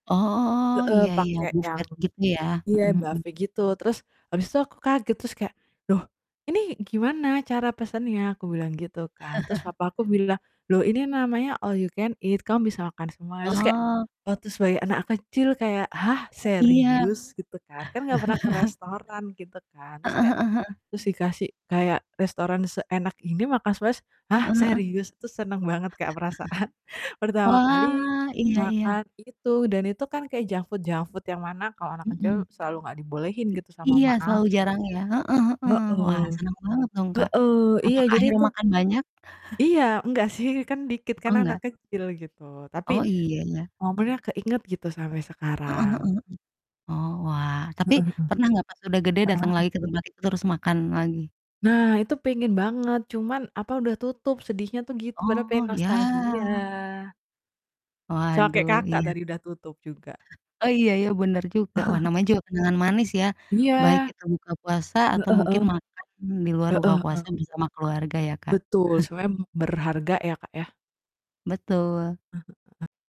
Oh. Heeh, Iya iya. pakai yang Buffet gitu ya. iya, Mhm mhm. buffet gitu, terus habis itu aku kaget terus kayak, "Loh ini gimana cara pesannya?" Aku bilang gitu kan, terus papaku bilang, "Loh ini namanya all you can eat kamu bisa makan semuanya," terus kayak Oh. waktu sebagai anak kecil kayak, "Hah Iya. serius?" Gitu kan kan gak pernah ke restoran gitu kan. Terus Heeh kayak heeh heeh. terus dikasih kayak restoran seenak ini makan sepuas "Hah, Heeh heeh. serius?" Itu seneng banget Kak perasaan pertama kali Wah, iya iya. makan itu dan itu kan kayak junk food junk food yang mana kalau anak Hmm. kecil selalu nggak dibolehin gitu sama Iya, mama selalu jarang aku. ya. Heeh heeh, wah Heeh. seneng banget dong Kak, Heeh, iya, apakah jadi akhirnya itu makan banyak? Iya enggak sih kan dikit kan Oh anak nggak. kecil gitu, tapi Oh iya ya. momennya keinget gitu sampai Heeh heeh sekarang. heeh. Oh wah, tapi Heeh heeh. pernah gak pas udah gede Heeh dateng heeh. lagi ke tempat itu terus makan lagi? Nah, itu pengen banget cuman apa, udah tutup sedihnya tuh gitu padahal Oh, pengen nostalgia. ya. Sama kayak Waduh, Kakak iya. tadi udah tutup juga. Oh, iya ya, bener juga. Wah namanya juga kenangan manis ya baik Iya. kita buka puasa Heeh atau heeh. mungkin makan di luar buka Heeh heeh. puasa bersama keluarga ya Kak. Betul, sebenernya berharga ya, Kak ya. Betul. Heeh heeh.